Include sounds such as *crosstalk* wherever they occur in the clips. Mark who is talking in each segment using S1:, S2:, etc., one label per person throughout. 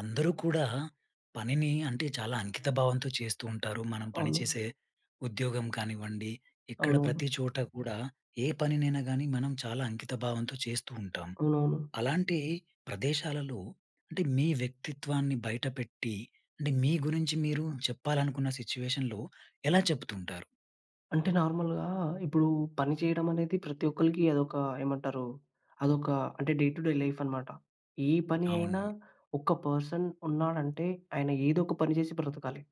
S1: అందరూ కూడా, పనిని అంటే చాలా అంకిత భావంతో చేస్తూ ఉంటారు. మనం పని
S2: అవును.
S1: చేసే ఉద్యోగం కానివ్వండి, ఇక్కడ
S2: అవునవును.
S1: ప్రతి చోటా కూడా, ఏ పనినైనా గానీ మనం చాలా అంకితభావంతో చేస్తూ ఉంటాం.
S2: అవునవును.
S1: అలాంటి ప్రదేశాలలో, అంటే మీ వ్యక్తిత్వాన్ని బయటపెట్టి, అంటే, మీ గురించి మీరు చెప్పాలనుకున్న సిట్యుయేషన్‌లో ఎలా చెప్తుంటారు?
S2: అంటే నార్మల్‌గా ఇప్పుడు, పని చేయడం అనేది ప్రతి ఒక్కలక్కి అదొక ఏమంటారు, అదొక, అంటే డే టు డే లైఫ్ అన్నమాట. ఏ పని
S1: అవున్
S2: అయినా ఒక పర్సన్ ఉన్నాడంటే, ఆయన ఏదో ఒక పని చేసి బ్రతకాలి.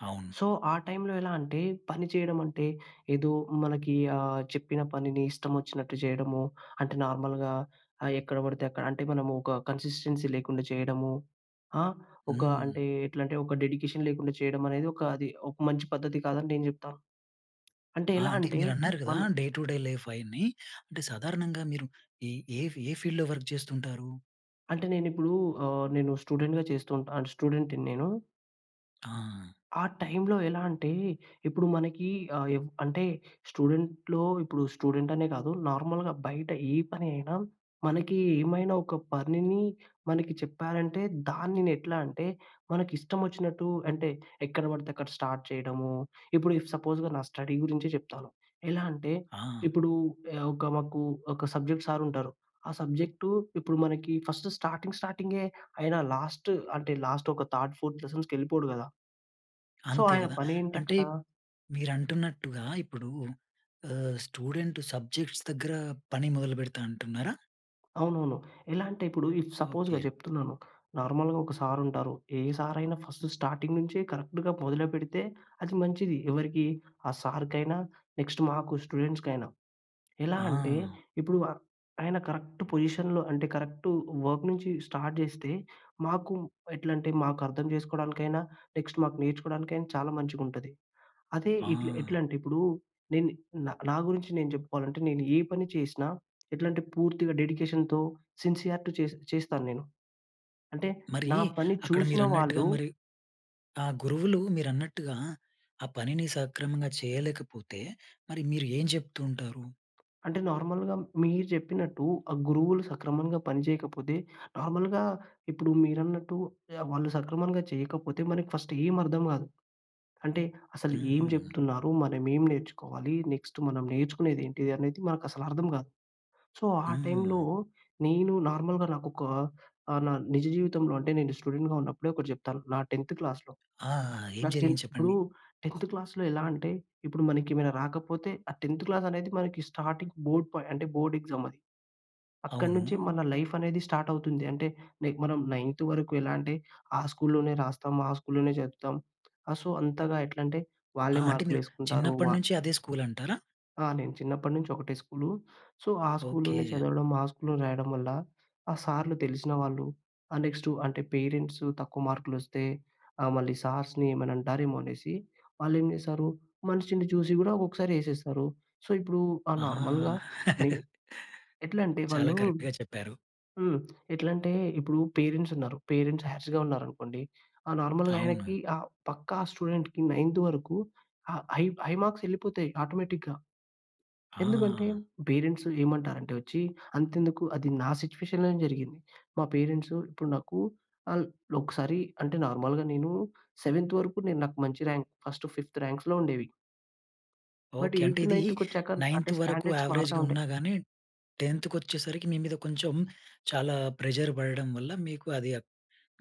S1: అవును.
S2: సో, ఆ టైమ్‌లో ఎలాంటే, పని చేయడం అంటే ఏదో మనకి, ఆ చెప్పిన పనిని ఇష్టం వచ్చినట్టు చేయడమో, అంటే, నార్మల్‌గా ఆహ్, ఎక్కడ పడితే అక్కడ అంటే మనము ఒక కన్సిస్టెన్సీ లేకుండా చేయడము. ఆ! ఒక
S1: హ్మ్.
S2: అంటే, ఎట్లంటే ఒక డెడికేషన్ లేకుండా చేయడం అనేది ఒక అది మంచి పద్ధతి కాదని నేను చెప్తాను. అంటే
S1: ఆ! అంటే
S2: ఎలాంటే
S1: మీరు అన్నారు కదా!
S2: మన
S1: డే టు డే లైఫ్ అయన్ని, అంటే సాధారణంగా మీరు ఈ ఏ ఏ ఫీల్డ్‌లో వర్క్ చేస్తుంటారు?
S2: అంటే నేను ఇప్పుడు ఆహ్, నేను స్టూడెంట్‌గా చేస్తూ ఉంటా అంటే, స్టూడెంట్‌ని నేను.
S1: ఆ!
S2: ఆ టైమ్‌లో ఎలా అంటే, ఇప్పుడు మనకి ఆహ్, ఎవ్ అంటే స్టూడెంట్‌లో, ఇప్పుడు స్టూడెంట్ అనే కాదు. నార్మల్‌గా బయట ఏ పని అయినా, మనకి ఏమైనా ఒక పనిని మనకి చెప్పారంటే, దాన్ని నేనెట్లా అంటే, మనకిష్టమొచ్చినట్టు అంటే ఎక్కడ పడితే అక్కడ స్టార్ట్ చేయడము. ఇప్పుడు సపోజ్‌గా నా స్టడీ గురించే చెప్తాను. ఎలా అంటే,
S1: ఆ!
S2: ఇప్పుడు ఆహ్, ఒక మాకు ఒక సబ్జెక్ట్ సార్ ఉంటారు. ఆ సబ్జెక్టు ఇప్పుడు మనకి ఫస్ట్ స్టార్టింగ్ స్టార్టింగే ఆయన లాస్ట్ అంటే, లాస్ట్ ఒక థర్డ్, ఫోర్త్ లెసన్స్‌కి వెళ్ళిపోడు కదా!... సో,
S1: అంతే
S2: ఆయన
S1: కదా! అంటే
S2: పనేంటక్కడ
S1: మీరంటున్నట్టుగా ఇప్పుడు ఆహ్, స్టూడెంట్ సబ్జెక్ట్స్ దగ్గర పని మొదలుపెడతా అంటున్నారా?
S2: అవునవును. ఎలా అంటే ఇప్పుడు ఇఫ్ సపోజ్‌గా
S1: ఓకె.
S2: చెప్తున్నాను, నార్మల్‌గా ఒక సార్ ఉంటారు. ఏ సార్ అయినా ఫస్ట్ స్టార్టింగ్ నుంచే కరెక్ట్‌గా మొదలు పెడితే, అది మంచిది. ఎవరికీ ఆ సార్కైనా, నెక్స్ట్ మాకు స్టూడెంట్స్‌కైనా. ఎలా అంటే,
S1: ఆ!
S2: ఇప్పుడు అ ఆయన కరెక్ట్ పొజిషన్‌లో అంటే కరెక్ట్ వర్క్ నుంచి స్టార్ట్ చేస్తే, మాకు ఎట్లంటే మాకు అర్థం చేసుకోవడానికైనా, నెక్స్ట్ మాకు నేర్చుకోవడానికైనా చాలా మంచిగా ఉంటది. అదే ఇట్లా
S1: ఆ!
S2: ఎట్లా అంటే, ఇప్పుడు నేను నా గురించి నేను చెప్పుకోవాలంటే, నేను ఏ పని చేసినా, ఎట్లంటే పూర్తిగా డెడికేషన్‌తో, సిన్సియారిటు చే చేస్తాను నేను. అంటే
S1: మరీ,
S2: నా పని
S1: అక్కడ
S2: చూసిన
S1: మీరన్నట్టుగా
S2: వాళ్ళు
S1: మరి ఆ గురువులు మీరన్నట్టుగా ఆ పనిని సక్రమంగా చేయలేకపోతే, మరి మీరు ఏం చెప్తూ ఉంటారు?
S2: అంటే నార్మల్‌గా మీరు చెప్పినట్టు ఆ గురువులు సక్రమంగా పనిచేయకపోతే, నార్మల్‌గా ఇప్పుడు మీరన్నట్టు ఆహ్, వాళ్ళు సక్రమంగా చేయకపోతే మనకి ఫస్ట్ ఏం అర్థం కాదు. అంటే అసలు ఏం
S1: హ్మ్.
S2: చెప్తున్నారు? మనం ఏం నేర్చుకోవాలి? నెక్స్ట్ మనం నేర్చుకునేదేంటి అనేది మనకు అసలు అర్థం కాదు. సో, ఆ టైంలో
S1: హ్మ్.
S2: నేను నార్మల్‌గా నాకోక ఆహ్, నా నిజ జీవితంలో అంటే నేను స్టూడెంట్‌గా ఉన్నప్పుడే ఒకటి చెప్తాను. నా 10థ్ క్లాస్‌లో
S1: ఆ! ఏం
S2: నా టెన్
S1: జరిగింది
S2: ఇప్పుడు
S1: చెప్పండి.
S2: 10థ్ క్లాస్‌లో ఎలా అంటే ఇప్పుడు మనకి ఏమైనా రాకపోతే ఆ 10థ్ క్లాస్‌ అనేది మనకి స్టార్టింగ్ బోర్డ్ పాయింట్ అంటే బోర్డ్ ఎక్సామది.
S1: అవును.
S2: అక్కడినుంచి మన లైఫ్ అనేది స్టార్ట్ అవుతుంది. అంటే నే మనం నైన్త్ వరకు ఎలా అంటే, ఆ స్కూల్‌లోనే రాస్తాం. ఆ స్కూల్‌లోనే చదువుతాం. ఆహ్, సో, అంతగా ఎట్లంటే,
S1: అ!
S2: వాళ్ళే
S1: అంటే మీరు
S2: మార్కులేసుకుంటారు, వా
S1: చిన్నప్పటినుంచి అదే స్కూలంటారా?
S2: ఆ! నేను చిన్నప్పటి నుంచి ఒకటే స్కూలు. సో, ఆ స్కూల్లోనే
S1: ఓకె.
S2: చదవడం, ఆ స్కూల్‌లో రాయడం వల్ల, ఆ సార్‌లు తెలిసిన వాళ్ళు, ఆ నెక్స్టు అంటే, పేరెంట్సు తక్కువ మార్కులు వస్తే, ఆహ్, మళ్ళీ సార్స్‌ని ఏమైనా అంటారేమో అనేసి, వాళ్ళేం చేశారు, మనిషిని చూసి గూడా ఒక్కొక్కసారి ఏసేస్తారు. సో, ఇప్పుడు ఆహ్,
S1: ఆ!
S2: నార్మల్‌గా నె
S1: *chuckles*
S2: ఎట్లంటే
S1: చాలా
S2: వాళ్ళు
S1: కరెక్ట్‌గా చెప్పారు.
S2: హ్మ్. ఎట్లంటే, ఇప్పుడు పేరెంట్స్ ఉన్నారు. పేరెంట్స్ హార్స్‌గా ఉన్నారనుకోండి. ఆహ్, నార్మల్‌గా
S1: అవును.
S2: ఆయనకి ఆహ్, పక్కా స్టూడెంట్‌కి నైంత్ వరకు ఆహ్, హై హై మార్క్సెళ్ళిపోతాయి ఆటోమేటిక్‌గా. ఎందుకంటే,
S1: ఆ!
S2: పేరెంట్సు ఏమంటారంటే వచ్చి అంతెందుకు అది నా సిట్యుయేషన్‌లోనే జరిగింది. మా పేరెంట్సు ఇప్పుడు నాకు అన్ ఒకసారి అంటే, నార్మల్‌గా నేను, సెవెంత్ వరకు నేను నాకు మంచి ర్యాంక్ ఫస్ట్ ఫిఫ్త్ ర్యాంక్స్‌లో ఉండేవి. But,
S1: okay. అంటే
S2: ఎయిత్
S1: ఇది
S2: నైంత్‌కొచ్చాక
S1: నైంత్
S2: అంటే
S1: వరకు
S2: స్టాండర్డ్స్
S1: యావరేజ్‌గా
S2: మారుతుంటాయి.
S1: ఉన్నా గాని, 10థ్ కొచ్చేసరికి మీ మీద కొంచెం, చాలా ప్రెషర్ పడడం వల్ల, మీకు అది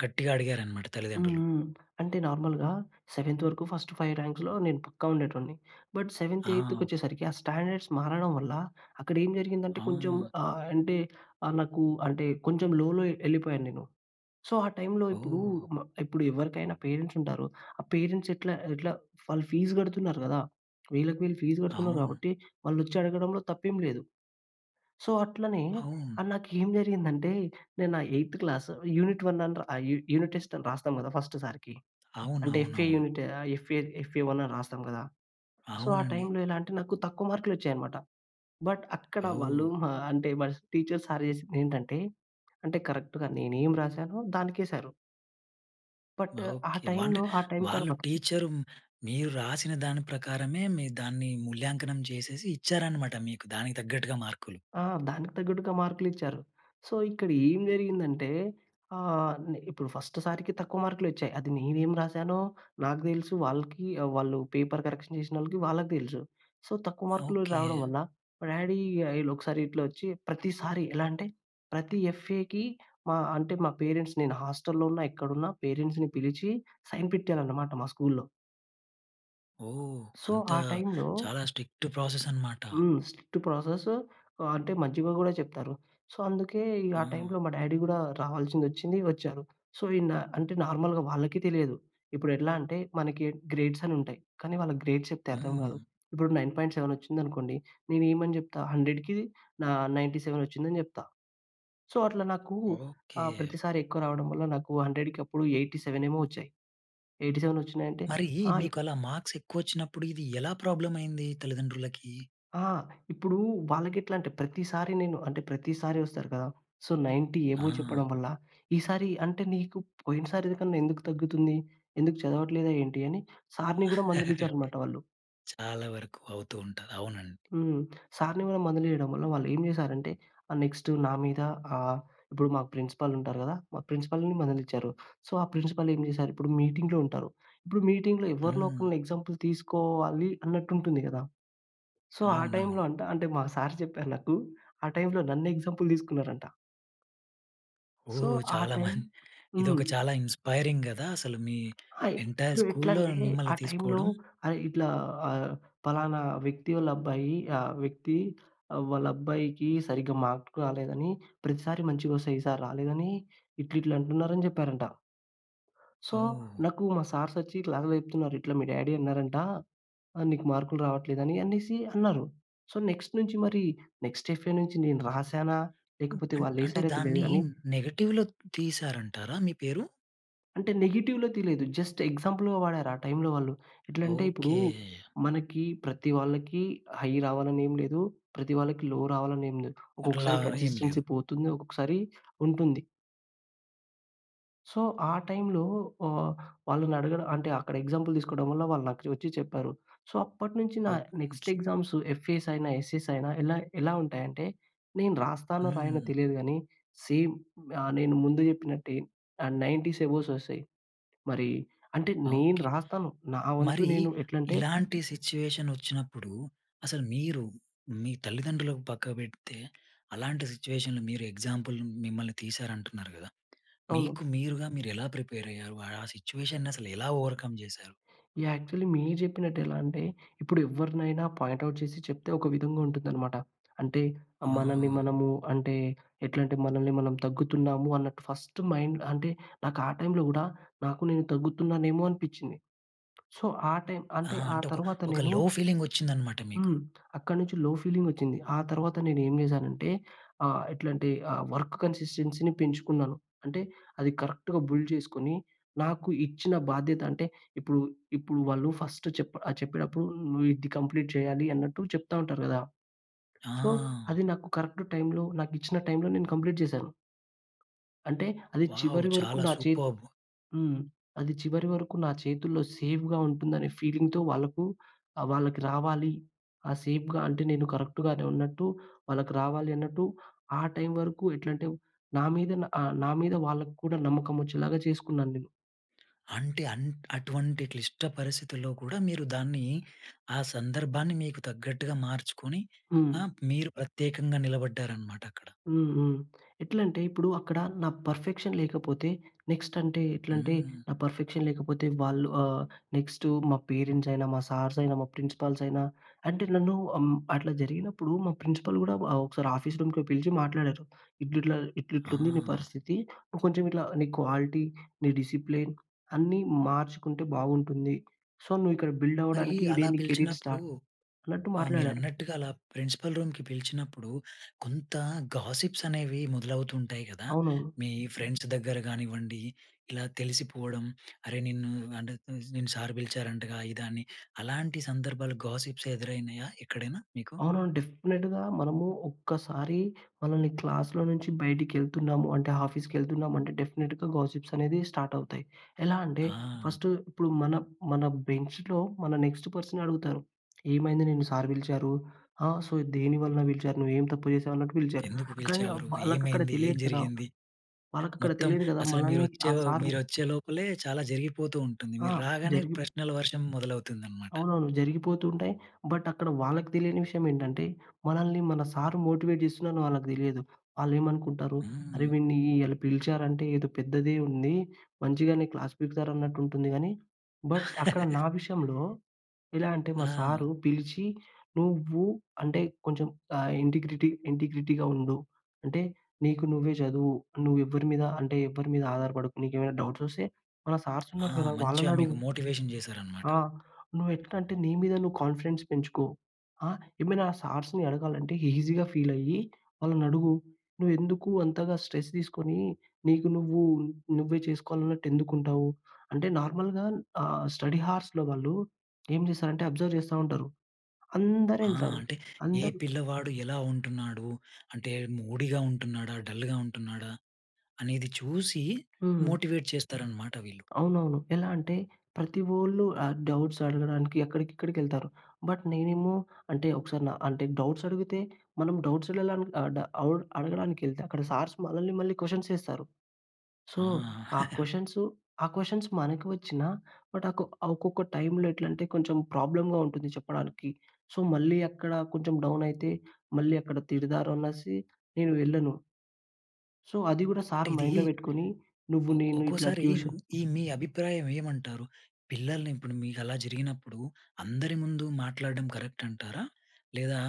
S1: గట్టిగా అడిగారన్నమాట
S2: హ్మ్,
S1: తల్లిదండ్రులు.
S2: హ్మ్. అంటే నార్మల్‌గా సెవెంత్ వరకు ఫస్ట్ 5 ర్యాంక్స్‌లో నేను పక్కా ఉండేటోన్ని. బట్, సెవెంత్
S1: ఆ!
S2: ఎయిత్కొచ్చేసరికి, ఆ స్టాండర్డ్స్ మారడం వల్ల, అక్కడ ఏం జరిగిందంటే కొంచెం
S1: ఆ!
S2: ఆహ్, అంటే ఆహ్, నాకు అంటే కొంచెం లోలో ఎళ్ళిపోయాను నేను. సో, ఆ టైంలో ఇప్పుడు,
S1: ఓహ్!
S2: మ ఇప్పుడెవ్వరికైనా పేరెంట్స్ ఉంటారు. ఆ పేరెంట్స్ ఎట్లా, ఎట్లా వాళ్ళు ఫీజు కడుతున్నారు కదా! *clicks tongue* వేలకు వేలు ఫీజు కడుతున్నారు
S1: అవును.
S2: కాబట్టి, వాళ్ళు వచ్చి అడగడంలో తప్పేం లేదు. సో, అట్లనే,
S1: అవును.
S2: ఆహ్, నాకు ఏం జరిగిందంటే, నేను నా ఎయిత్ క్లాస్ యూనిట్ 1 అని ర ఆహ్, యు యూనిట్ టెస్ట్ అని రాస్తాం కదా! ఫస్ట్ సారికీ, అంటే ఎఫ్ఏ
S1: అవునవునవును.
S2: యూనిట్ ఆహ్, ఎఫ్ఏ ఎఫ్ఏ 1 అని రాస్తాం కదా! సో, ఆ
S1: అవునండి.
S2: టైమ్‌లో ఎలాంటే నాకు, తక్కువ మార్కులోచ్చాయన్నమాట. బట్, అక్కడ వాళ్ళు,
S1: ఔ!
S2: ఆ! అంటే మా టీచర్స్, సార్ చేసిందెంటంటే, అంటే కరెక్ట్‌గా నేనేమి రాసానో దానికేసారు. బట్ ఆ
S1: ఓకె. అంటే
S2: టైమ్‌లో, ఆ టైమ్
S1: వాళ్ళు
S2: తర్వాత
S1: టీచర్ మీరు రాసిన దాని ప్రకారమే, మీరు దాన్ని మూల్యాంకనం చేసేసి ఇచ్చారన్నమాట మీకు దానికి తగ్గట్టుగా మార్కులు.
S2: ఆ! దానికి తగ్గట్టుగా మార్కులిచ్చారు. సో, ఇక్కడ ఏం జరిగిందంటే, ఆహ్, నే ఇప్పుడు ఫస్ట్ సారికి తక్కువ మార్కులొచ్చాయి. అది నేనేం రాసానో నాకు తెలుసు. వాళ్ళకి, వాళ్ళు పేపర్ కరెక్షన్ చేసినోళ్ళకి వాళ్ళకి తెలుసు. సో, తక్కువ మార్కులు రావడం
S1: ఓకె.
S2: వల్ల మా డ్యాడీ ఆహ్, ఇగ ఇలా ఒకసారి ఇట్లా వచ్చి, ప్రతిసారి ఎలా అంటే, ప్రతి ఎఫ్ఏకి మా అంటే మా పేరెంట్స్ నేను హాస్టల్లో ఉన్నా, ఎక్కడున్నా పేరెంట్స్‌ని పిలిచి సైన్ పెట్టియాలనమాట మా స్కూల్లో.
S1: ఓహ్!
S2: సో, ఆ
S1: అంతా
S2: టైమ్‌లో
S1: చాలా స్ట్రిక్ట్ ప్రాసెసన్నమాట!
S2: హ్మ్. స్ట్రిక్ట్ ప్రాసెస్ ఆహ్, అంటే మంచిగా కూడా చెప్తారు. సో, అందుకే ఇగ ఆ
S1: ఆ!
S2: టైమ్‌లో మా డ్యాడీ కూడా రావాల్సింది, వచ్చింది, వచ్చారు. సో, ఈనా అంటే నార్మల్‌గా వాళ్ళకి తెలియదు. ఇప్పుడు ఎట్లా అంటే మనకి గ్రేడ్స్ అనుంటాయి. కానీ వాళ్ళకి గ్రేడ్స్ అని చెప్తే అర్థం
S1: హ్మ్.
S2: కాదు. ఇప్పుడు 9.7 వచ్చిందనుకోండి, నేను ఏమని చెప్తా 100కి నా నైంటీ సెవెన్ వచ్చిందని చెప్తా. సో, అట్లా నాకూ ఆహ్,
S1: ఓకె!
S2: ప్రతిసారి ఎక్కువ రావడం వల్ల నాకు 100కి అప్పుడు 87ఏమో వచ్చాయి. 87 వచ్చినాయంటే
S1: మరీ
S2: ఆ! ఈ
S1: మీకు అలా మార్క్స్ ఎక్కువ వచ్చినప్పుడు, ఇది ఎలా ప్రాబ్లమైయింది, తల్లిదండ్రులకి?
S2: ఆ! ఇప్పుడూ వాళ్ళకి ఎట్లా అంటే, ప్రతిసారి నేను అంటే, ప్రతిసారి వస్తారు కదా! సో, 90 అబోవ్
S1: ఆ!
S2: చెప్పడం వల్ల, "ఈ సారి అంటే, నీకు పోయినసారికన్నా, ఎందుకు తగ్గుతుంది? ఎందుకు చదవట్లేదా ఏంటి?" అని సార్‌ని కూడా మందలించారనమాట వాళ్ళు.
S1: *chuckles* చాలా వరకు అవుతూ ఉంటది. అవునండి.
S2: హ్మ్. సార్‌ని కూడా మందలీయడం వల్ల, వాళ్ళు ఏం చేశారంటే, ఆహ్, నెక్స్ట్ నా మీద ఆహ్, ఇప్పుడు మా ప్రిన్సిపల్ ఉంటారు కదా! మా ప్రిన్సిపల్‌ని కూడ మందలించారు. సో, ఆ ప్రిన్సిపల్ ఏం చేసారు! ఇప్పుడు మీటింగ్‌లో ఉంటారు. ఇప్పుడు మీటింగ్‌లో ఎవరినో,
S1: హ్మ్.
S2: ఒకరిని ఎగ్జాంపుల్ తీసుకోవాలి అన్నట్టుంటుంది కదా! సో, ఆ టైమ్‌లో
S1: అవునవును.
S2: అంట అంటే మా సార్ చెప్పారు *chuckles* నాకూ. ఆ టైమ్‌లో నన్ను ఎగ్జాంపుల్ తీసుకున్నారంట. సో,
S1: ఓహ్!
S2: ఆ
S1: చాలా మం
S2: టైమ్
S1: *chuckles*
S2: హ్మ్.
S1: ఇదొక చాలా ఇన్‌స్పైరింగ్ కదా! అసలు మీ
S2: అయి
S1: ఎంటైర్ స్కూల్‌లో
S2: ఇప్పుడెట్లాంటే ఆ
S1: మిమ్మల్ని
S2: టైమ్‌లో,
S1: తీసుకోవడం.
S2: "అరే! ఇట్లా ఆహ్, పలానా వ్యక్తి వాళ్ళ అబ్బాయి, ఆ వ్యక్తి వాళ్ళ అబ్బాయికి సరిగ్గా మార్కులు రాలేదని ప్రతిసారి మంచిగా వస్తాయి. ఈసారి రాలేదని ఇట్లా, ఇట్లా" అంటున్నారని చెప్పారంట. సో,
S1: ఓహ్!
S2: నాకు మా సార్సొచ్చి ఇట్లాని చెప్తున్నారు. "ఇట్లా మీ డ్యాడీ అన్నారంట. ఆహ్, నీకు మార్కులు రావట్లేదని," అనేసి, అన్నారు. సో, నెక్స్ట్ నుంచి మరి నెక్స్ట్ ఎఫ్ఏ నుంచి నేను రాసానా, లేకపోతే
S1: అం అంటే
S2: వాళ్ళేసారో తెలియదు
S1: దాన్ని
S2: గానీ
S1: నెగెటివ్‌లో తీశారంటారా మీ పేరు?
S2: అంటే నెగెటివ్‌లో తెలీదు. జస్ట్ ఎగ్జాంపుల్‌గా వాడారు. ఆ టైమ్‌లో వాళ్ళు, ఎట్లంటే ఇప్పుడు
S1: ఓకే!
S2: మనకి ప్రతి వాళ్ళకి హై రావాలని ఏమి లేదు, ప్రతి వాళ్ళకి లో రావాలని ఏమి లేదు.
S1: అట్లా
S2: ఒక్కొక్కసారి
S1: ఏమి లేదు.
S2: కన్‌సిస్టెన్సీ పోతుంది. ఒక్కొక్కసారి ఉంటుంది. సో, ఆ టైమ్‌లో ఆహ్, వాళ్ళని అడగడం అంటే అక్కడ ఎగ్జాంపుల్ తీసుకోవడం వల్ల వాళ్ళు నాకు వచ్చి చెప్పారు. సో, అప్పటినుంచి నా
S1: ఓప్
S2: నెక్స్ట్ ఎగ్జామ్స్ ఎఫ్ఏఎస్ అయినా ఎస్ఏఎస్ అయినా ఎలా ఎలా ఉంటాయంటే, నేను రాస్తానో, రాయనో
S1: హ్మ్.
S2: తెలియదు గానీ సేమ్ ఆహ్, నేను ముందు చెప్పినట్టే ఆహ్, 90స్ అబోవ్స్ వస్తయి. మరి అంటే, నేను
S1: ఓకే.
S2: రాస్తాను, నా వంతు
S1: మరి
S2: నేను ఎట్లంటే
S1: ఇలాంటి సిట్యుయేషన్ వచ్చినప్పుడు అసలు మీరు, మీ తల్లిదండ్రులకు పక్కకు బెడితే, అలాంటి సిట్యుయేషన్‌లో మీరు ఎగ్జాంపుల్ మిమ్మల్ని తీశారు అంటున్నారు కదా! మీకు,
S2: అవును.
S1: మీరుగా మీరుగా ఎలా ప్రిపేర్ అయ్యారు? ఆ సిట్యుయేషన్‌ని అసలు ఎలా ఓవర్‌కమ్ చేశారు?
S2: యాహ్! యాక్చువల్లీ మీరు చెప్పినట్టు ఎలా అంటే, ఇప్పుడు ఎవరినైనా పాయింట్ ఔట్ చేసి చెప్తే ఒక విధంగా ఉంటుందనమాట. అంటే మనల్ని
S1: ఆ!
S2: మనము, అంటే ఎట్లంటే, మనల్ని మనం తగ్గుతున్నాము అన్నట్టు ఫస్ట్ మైండ్ అంటే నాకు, ఆ టైమ్‌లో కూడా నాకు నేను తగ్గుతున్నానేమో అనిపించింది. సో, ఆ టైమ్
S1: ఆ!
S2: అంటే ఆ
S1: అంటే ఒక
S2: తర్వాత
S1: ఒక
S2: నేను
S1: లో ఫీలింగ్ వచ్చిందన్నమాట మీకు.
S2: హ్మ్. *clicks tongue* అక్కడి నుంచి లో ఫీలింగ్ వచ్చింది. ఆ తర్వాత నేను ఏం చేశానంటే ఆహ్, ఎట్లంటే ఆహ్, వర్క్ కన్‌సిస్టెన్సీ పెంచుకున్నాను. అంటే అది కరెక్ట్‌గా బుల్డ్ చేసుకొని నాకు ఇచ్చిన బాధ్యత, అంటే ఇప్పుడు, ఇప్పుడు వాళ్ళు ఫస్ట్ చెప్ చెప్పేటప్పుడు నువ్వు ఇది కంప్లీట్ చేయాలి అన్నట్టు చెప్తా ఉంటారు కదా! సో,
S1: ఆ!
S2: అది నాకు కరెక్ట్ టైమ్‌లో, నాకు ఇచ్చిన టైమ్‌లో నేను కంప్లీట్ చేశాను. అంటే అది
S1: వావ్!
S2: చివరి వరకు
S1: చాలా
S2: నా చే
S1: సూపర్బ్!
S2: హ్మ్. అది చివరి వరకు నా చేతుల్లో సేఫ్‌గా ఉంటుందనే ఫీలింగ్‌తో వాళ్ళకు ఆహ్, వాళ్ళకి రావాలి. ఆ సేఫ్‌గా అంటే నేను కరెక్టు‌గానే ఉన్నట్టు, వాళ్ళకి రావాలి అన్నట్టు, ఆ టైమ్ వరకు ఎట్లంటే, నా మీద నా ఆహ్, నా మీద వాళ్ళకి కూడా నమ్మకం వచ్చేలాగా చేసుకున్నాను నేను.
S1: అంటే అన్ అటువంటి క్లిష్ట పరిస్థితిలో కూడా మీరు దాన్ని, ఆ సందర్భాన్ని మీకు తగ్గట్టుగా మార్చుకొని
S2: హ్మ్.
S1: ఆ! మీరు ప్రత్యేకంగా నిలబడ్డారన్నమాట అక్కడ.
S2: హ్మ్. హ్మ్. ఎట్లంటే ఇప్పుడు అక్కడ నా పర్‌ఫెక్షన్ లేకపోతే నెక్స్ట్ అంటే, ఎట్లంటే
S1: హ్మ్.
S2: నా పర్‌ఫెక్షన్ లేకపోతే వాళ్ళు ఆహ్, నెక్స్ట్ మా పేరెంట్స్ అయినా, మా సార్స్ అయినా, మా ప్రిన్సిపల్స్ అయినా, అంటే నన్ను అం అట్లా జరిగినప్పుడు మా ప్రిన్సిపల్స్ కూడా ఒకసారి ఆఫీస్ రూమ్‌కి పిలిచి మాట్లాడారు. "ఇట్లిట్లా ఇట్లిట్ల ఉంది నీ
S1: ఆ!
S2: పరిస్థితి, నువ్వు కొంచెం ఇట్లా నీ క్వాలిటీ, డిసిప్లిన్ అన్నీ మార్చుకుంటే బాగుంటుంది. సో, నువ్వు ఇక్కడ బిల్డ్
S1: మరి
S2: అవ్వడానికి ఇదే
S1: అలా
S2: నీ కెరీర్
S1: పిలిచినప్పుడు
S2: స్టార్ట్" అన్నట్టు
S1: ఆ!
S2: మాట్లాడారు.
S1: మీరన్నట్టుగా అలా ప్రిన్సిపల్ రూమ్‌కి పిలిచినప్పుడు కొంత గాసిప్స్ అనేవి మొదలవుతూ ఉంటాయి కదా!
S2: అవునవును.
S1: మీ ఫ్రెండ్స్ దగ్గర కానివ్వండి, ఇలా తెలిసిపోవడం, "అరే నిన్ను అంటే నిన్ను అంటే సార్ పిలిచారంటగా", ఇదని అలాంటి సందర్భాలు గాసిప్స్ ఎదురైనాయా ఎక్కడైనా మీకు?
S2: అవునవును. డెఫినిట్‌గా మనము ఒక్కసారి మనల్ని క్లాస్‌లో నుంచి బయటికి వెళ్తున్నామంటే, ఆఫీస్‌కి వెళ్తున్నామంటే డెఫినిట్‌గా గాసిప్స్ అనేది స్టార్ట్ అవుతాయి. ఎలా అంటే
S1: ఆ!
S2: ఫస్ట్ ఇప్పుడు మన, మన బెంచ్‌లో మన నెక్స్ట్ పర్సన్ అడుగుతారు. "ఏమైంది నిన్ను సార్ పిలిచారు? ఆ! సో, దేని వలన పిలిచారు? నువ్వు ఏం తప్పు చేసావు? అన్నట్టు పిలిచారు".
S1: ఎందుకు
S2: కానీ
S1: పిలిచేవారు?
S2: వాళ్ళకి అక్కడ
S1: ఏమైంది? ఏం
S2: తెలియదు కదా!
S1: జరిగింది?
S2: వాళ్ళకి అక్కడ
S1: మొత్తం
S2: తెలియదు కదా!
S1: అసలు మీరు
S2: మనల్ని ఆ
S1: వచ్చే
S2: సార్
S1: మీరొచ్చేలోపలే చాలా జరిగిపోతూ ఉంటుంది.
S2: ఆ!
S1: మీరు రాగానే
S2: జరిగి
S1: ప్రశ్నల వర్షం మొదలవుతుందన్నమాట.
S2: అవునవును జరిగిపోతూ ఉంటాయి. బట్ అక్కడ వాళ్ళకి తెలియని విషయమేంటంటే, మనల్ని మన సార్ మోటివేట్ చేస్తున్నారని వాళ్ళకి తెలియదు. వాళ్ళేమనుకుంటారు "అరె
S1: హ్మ్.
S2: వీడిని అల పిలిచారంటే ఏదో పెద్దదే ఉంది. మంచిగానే క్లాస్ పికుతారు అన్నట్టు ఉంటుంది." కానీ బట్ అక్కడ
S1: *chuckles*
S2: నా విషయంలో ఎలా అంటే మా
S1: ఆ!
S2: సారు పిలిచి "నువ్వు అంటే కొంచెం ఆ ఇంటిగ్రిటీ, ఇంటిగ్రిటీగా ఉండు, అంటే నీకు నువ్వే చదువు, నువ్వు ఎవ్వరి మీద అంటే ఎవ్వరి మీద ఆధారపడకు, నీకేవైనా డౌట్స్ వస్తే మన సార్స్
S1: ఆ!
S2: ఉన్నారు కదా!
S1: మంచిగా
S2: వాళ్ళని
S1: మీకు
S2: అడుగు."
S1: మోటివేషన్ చేశారన్నమాట.
S2: "ఆ! నువ్వు ఎట్లా అంటే నీ మీద నువ్వు కాన్‌ఫిడెన్స్ పెంచుకో. ఆ! ఏమైనా సార్స్‌ని అడగాలంటే ఈజీగా ఫీల్ అయ్యి, వాళ్ళని అడుగు. నువ్వు ఎందుకు అంతగా స్ట్రెస్ తీసుకొని, నీకు నువ్వు, నువ్వే చేసుకోవాలన్నట్టు ఎందుకు ఉంటావు?" అంటే నార్మల్‌గా ఆ! స్టడీ హౌర్స్‌లో వాళ్ళు ఏం చేస్తారంటే అబ్జర్వ్ చేస్తా ఉంటరు.
S1: ఆ!
S2: అందరెళ్తారు.
S1: అంటే ఏ
S2: అందరు
S1: పిల్లవాడు ఎలా ఉంటున్నాడు? అంటే మూడీగా ఉంటున్నాడా? డల్‌గా ఉంటున్నాడా? అనేది చూసి
S2: హ్మ్.
S1: మోటివేట్ చేస్తారన్నమాట వీళ్ళు.
S2: అవునవును. ఎలా అంటే ప్రతి వోళ్ళు ఆహ్, డౌట్స్ అడగడానికి అక్కడికి, ఇక్కడికి వెళ్తారు. బట్ నేనేమో అంటే ఒకసారి న అంటే డౌట్స్ అడిగితే మనం డౌట్స్‌లల అ అవ్ అడగ అడగడానికెళ్తే అక్కడ సార్స్ మనల్ని మళ్ళీ క్వశ్చన్స్ ఏస్తారు. సో,
S1: ఆ!
S2: ఆ
S1: *chuckles*
S2: క్వశ్చన్స్ ఆ క్వశ్చన్స్ మనకి వచ్చిన బట్ ఆహ్, కొ ఒక్కొక్క టైమ్‌లో ఎట్లంటే కొంచెం ప్రాబ్లమ్‌గా ఉంటుంది చెప్పడానికి. సో, మళ్ళీ అక్కడ కొంచెం డౌన్ అయితే, మళ్ళీ అక్కడ తిడతారనేసి నేను వెళ్ళను. సో, అది కూడా
S1: అంటే
S2: సర్
S1: ఇది
S2: మైండ్‌లో పెట్టుకొని, నువ్వు
S1: ఒ
S2: నేను ఇట్లా
S1: ఒక్కోసారి
S2: ట్యూషన్
S1: ఈ మీ అభిప్రాయం ఏమంటారు? పిల్లల్ని ఇప్పుడు మీకలా జరిగినప్పుడు, అందరి ముందు మాట్లాడడం కరెక్ట్ అంటారా? లేదా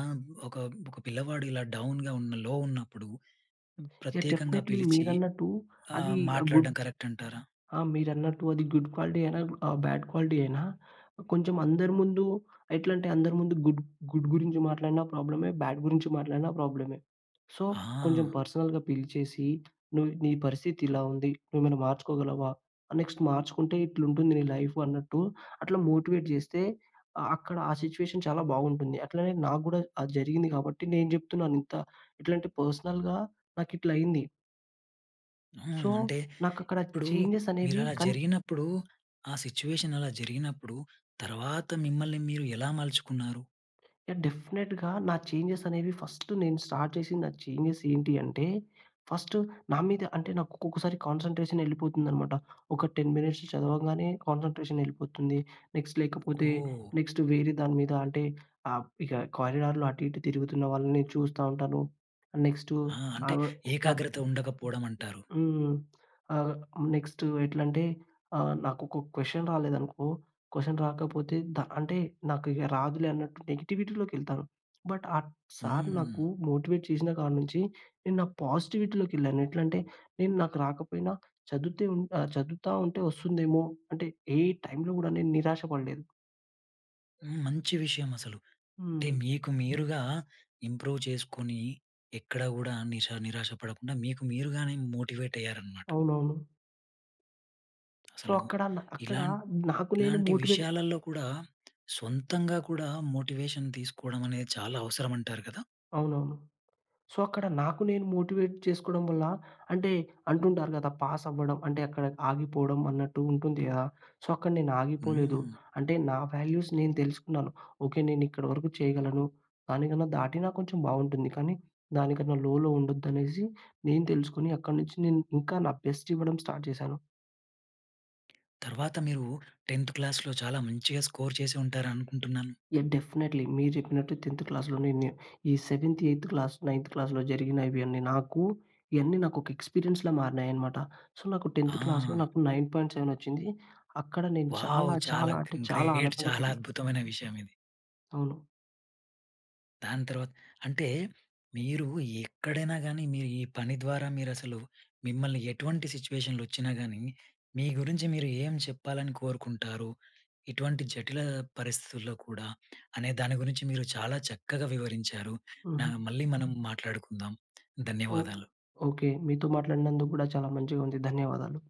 S1: ఒక ఒక పిల్లవాడు ఇలా డౌన్‌గా ఉన్న లో ఉన్నప్పుడు,
S2: యాహ్!
S1: ప్రత్యేకంగా
S2: డెఫీనేట్‌లీ
S1: పిలిచి,
S2: మీరన్నట్టు
S1: ఆ!
S2: అది గుడ్
S1: మాట్లాడడం కరెక్ట్ అంటారా?
S2: ఆ! మీరన్నట్టు అది గుడ్ క్వాలిటీ అయినా? ఆహ్, బ్యాడ్ క్వాలిటీ అయినా? కొంచెం అందరి ముందు, ఎట్లంటే అందరి ముందు గుడ్, గుడ్ గురించి మాట్లాడినా ప్రాబ్లమే. బ్యాడ్ గురించి మాట్లాడినా ప్రాబ్లమే. సో కొంచెం
S1: ఆ!
S2: పర్సనల్‌గా పిలిచేసి, "నువ్వు నీ పరిస్థితి ఇలా ఉంది. నువ్వు ఏమైనా మార్చుకోగలవా? నెక్స్ట్ మార్చుకుంటే, ఇట్లుంది నీ లైఫ్" అన్నట్టు అట్లా మోటివేట్ చేస్తే, అక్కడ ఆ సిట్యుయేషన్ చాలా బావుంటుంది. అట్లనే నాగూడా అది జరిగింది కాబట్టి నేను చెప్తున్నాను ఇంత ఇట్లాంటి పర్సనల్‌గా నాకు ఇట్ల అయింది.
S1: హ్మ్.
S2: సో,
S1: అంటే,
S2: నాకు అక్కడ
S1: ఇప్పుడు
S2: చేంజెస్ అనేవి
S1: మీరలా
S2: కన్
S1: జరిగినప్పుడు, ఆ సిట్యుయేషన్ అలా జరిగినప్పుడు, తర్వాత మిమ్మల్ని మీరు, ఎలా మలుచుకున్నారు?
S2: డెఫినిట్‌‌‌గా, నా చేంజెస్ అనేవి ఫస్ట్ నేను స్టార్ట్ చేసింది, నా చేంజెస్ ఏంటి అంటే, ఫస్ట్ నా మీద అంటే, నాకు ఒక్కొక్కసారి కాన్సంట్రేషనెళ్ళిపోతుందనమాట. ఒక 10 మినిట్స్ చదవగానే, కాన్సంట్రేషన్ ఎళ్ళిపోతుంది. నెక్స్ట్ లేకపోతే,
S1: ఓహ్!
S2: నెక్స్ట్ వేరే దాని మీద అంటే, ఆహ్, ఇక కారిడార్‌లో అటు, ఇటు తిరుగుతున్న వాళ్ళని చూస్తా ఉంటాను. నెక్స్టు
S1: ఆ! అంటే,
S2: ఆహ్, ఉ అ
S1: ఏకాగ్రత ఉండకపోవడమంటారు.
S2: హ్మ్. ఆహ్, నెక్స్టు ఎట్లంటే, ఆహ్, నాకు ఒక క్వశ్చన్ రాలేదనుకో, క్వశ్చన్ రాకపోతే ద అంటే, నాకు రాదులే అన్నట్టు నెగటివిటీలోకెళ్తాను. బట్, ఆ సార్ నాకు
S1: హ్మ్.
S2: మోటివేట్ చేసిన కాడి నుంచి, నేను నాకు పాజిటివిటీలోకెళ్ళాను. ఎట్లంటే, నేను నాకు రాకపోయినా, చదువుతే ఉ ఆహ్, చదువుతా ఉంటే వస్తుందేమో, అంటే ఏ టైమ్‌లో కూడా నేను నిరాశ పడలేదు.
S1: హ్మ్. మంచి విషయం అసలు. అంటే,
S2: హ్మ్.
S1: మీకు మీరుగా ఇంప్రూవ్ చేసుకొని, ఎక్కడ కూడా నిషా నిరాశ పడకుండా, మీకు మీరుగానే మోటివేటయ్యారనమాట.
S2: అవునవును. సో,
S1: అసలు,
S2: అక్కడ న అక్కడ
S1: ఇలాన్
S2: నాకు నేను
S1: ఇలాంటి
S2: మోటివేట్
S1: విషయాలల్లో కూడా, సొంతంగా కూడా మోటివేషన్ తీసుకోవడం అనేది చాలా అవసరం అంటారు కదా?
S2: అవునవును. సో, అక్కడ నాకు నేను మోటివేట్ చేసుకోవడం వల్ల, అంటే అంటుంటారు కదా, పాస్ అవ్వడం అంటే అక్కడ ఆగిపోవడం అన్నట్టు ఉంటుంది కదా! సో, అక్కడ నేను ఆగిపోలేదు.
S1: హ్మ్.
S2: అంటే నా వాల్యూస్ నేను తెలుసుకున్నాను. ఓకె, నేనిక్కడి వరకు చేయగలను. దానికన్నా దాటినా కొంచెం బావుంటుంది. కానీ, దానికన్నా లోలో ఉండొద్దనేసి నేను తెలుసుకొని, అక్కడి నుంచి నేను ఇంకా నా బెస్ట్ ఇవ్వడం స్టార్ట్ చేశాను.
S1: తర్వాత, మీరు 10థ్ క్లాస్‌లో చాలా మంచిగ స్కోర్ చేసి ఉంటారు అనుకుంటున్నాను.
S2: యాహ్! డెఫినైట్లీ. మీరు చెప్పినట్టు 10థ్ క్లాస్‌లో నేనే ఈ సెవెంత్, ఎయిత్ క్లాస్, నైన్త్ క్లాస్‌లో జరిగిన ఇవి అన్నీ నాకు ఇయన్నీ నాకొక ఎక్స్పీరియన్స్‌లా మారినాయనమాట. సో, నాకు 10థ్ క్లాస్‌లో
S1: ఆ!
S2: నాకు 9.7 వచ్చింది. అక్కడ నేను
S1: వావ్!
S2: చాలా,
S1: చాలా
S2: చాలా అంటే
S1: గ్‌న్
S2: చాలా
S1: గ్రేట్.
S2: ఆనందంగా
S1: చాలా
S2: ఫీల్ అయ్
S1: అద్భుతమైన విషయమిది.
S2: అవును.
S1: దాని తర్వాత్ అంటే మీరు ఎక్కడైనా గానీ, మీరు ఈ పని ద్వారా మీరు అసలు మిమ్మల్ని ఎటువంటి సిట్యుయేషన్‌లొచ్చినా గానీ, మీ గురించి మీరు ఏం చెప్పాలని కోరుకుంటారు, ఇటువంటి జటిల పరిస్థితుల్లో కూడా, అనే దాని గురించి మీరు చాలా చక్కగా వివరించారు. నా
S2: హుహు.
S1: మళ్ళీ మనం మాట్లాడుకుందాం.
S2: ఓహ్!
S1: ధన్యవాదాలు.
S2: ఓకె. మీతో మాట్లాడినందుకు గూడా చాలా మంచిగా ఉంది. ధన్యవాదాలు.